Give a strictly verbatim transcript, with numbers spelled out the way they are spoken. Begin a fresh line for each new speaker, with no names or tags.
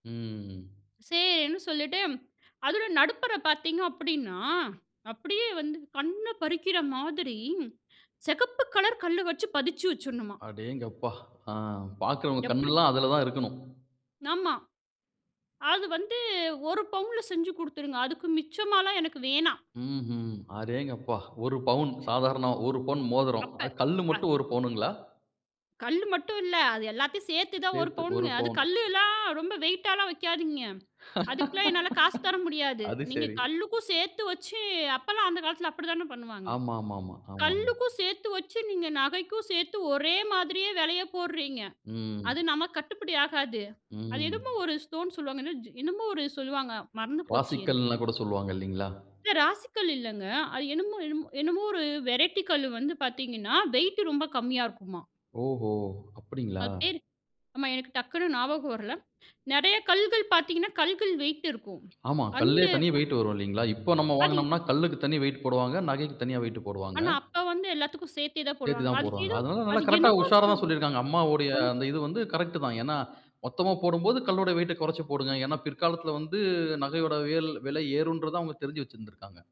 ம்.
சேரின்னு சொல்லிட்டு, அதோட நடுப்பறப் பார்த்தீங்க அப்படின்னா, அப்படியே வந்து கண்ணப் பறிக்கிற மாதிரி, சிகப்பு கலர் கல்லு வச்சு பதிச்சு வச்சுரணுமா.
அடேங்கப்பா! ஆ, பாக்குறவங்க
எப்படி?
கண்ணெல்லாம் அதுலதான் இருக்கணும்.
ஆமா. அது வந்து ஒரு பவுன்ல செஞ்சு கொடுத்துருங்க. அதுக்கு மிச்சமால்லாம் எனக்கு வேணாம்.
ம்ஹும். அடேங்கப்பா! ஒரு பவுன் சாதாரண, ஒரு பவுன் மோதிரம்.
அப்ப.
அது கல்லு
அ.
மட்டும் ஒரு பவுனுங்களா?
கல்லு மட்டும் இல்ல. அது எல்லாத்தையும் சேர்த்துதான் ஒரு
சேத்து ஒரு
பவுன்ங்க. அது
பவுன்.
கல்லெல்லாம் ரொம்ப வெயிட்டால்லாம் வைக்காதீங்க. அதுக்கெல்லாம் என்னால காசு தர முடியாது.
அது
நீங்க
சரி.
கல்லுக்கும் சேர்த்து வச்சு அப்பலாம் அந்த காலத்துல அப்படித்தானே பண்ணுவாங்க?
ஆமா, ஆமா, ஆமா, ஆமாங்க.
கல்லுக்கும் சேர்த்து வச்சு, நீங்க நகைக்கும் சேர்த்து ஒரே மாதிரியே விலையை போடுறீங்க. அது
ம்.
நமக்கு கட்டுப்படியாகாது. அது என்னமோ
ம்.
ஒரு ஸ்டோன் சொல்லுவாங்க. என்ன ஜோ என்னமோ ஒரு சொல்லுவாங்க. மறந்து போச்சு எனக்கு.
ராசிக்கல்ன கூட சொல்லுவாங்க இல்லீங்களா?
இல்ல, ராசிக்கல் இல்லைங்க. அது என்னமோ என்னமோ என்னமோ ஒரு வெரைட்டி கல்லு வந்து பார்த்தீங்கன்னா, வெயிட் ரொம்ப கம்மியா இருக்குமா.
ஓஹோ! அப்படீங்களா?
அது பேரு ஆமா எனக்கு டக்குனு ஞாபகம் வரலை. நிறைய கல்லுகள் பார்த்தீங்கன்னா கல்லுகள் வெயிட் இருக்கும்.
ஆமா. கல்லே
அந்த
தனியா வெயிட் வரும் இல்லீங்களா? இப்போ நம்ம
அதி
வாங்குனோம்னா கல்லுக்கு தனியா வெயிட் போடுவாங்க, நகைக்கு தனியா வெயிட் போடுவாங்க.
ஆனா அப்ப வந்து எல்லாத்துக்கும் சேர்த்தேதான்
சேர்த்து
போடுவாங்க.
தான்
அதுக்கு
போடுவாங்க.
ஏதோ
அதனால நல்லா
அது
கரெக்டா
என்னமோ சொல்
உஷாராதான் சொல்லிருக்காங்க, அம்மாவோடைய
சொல்.
அந்த இது வந்து கரெக்ட்டுதான். ஏன்னா, மொத்தமா போடும்போது கல்லோட வெயிட்ட குறைச்சு போடுங்க. ஏன்னா பிற்காலத்துல வந்து நகையோட வியல் விலை ஏறும்ன்றத அவங்க தெரிஞ்சு வச்சிருந்துருக்காங்க.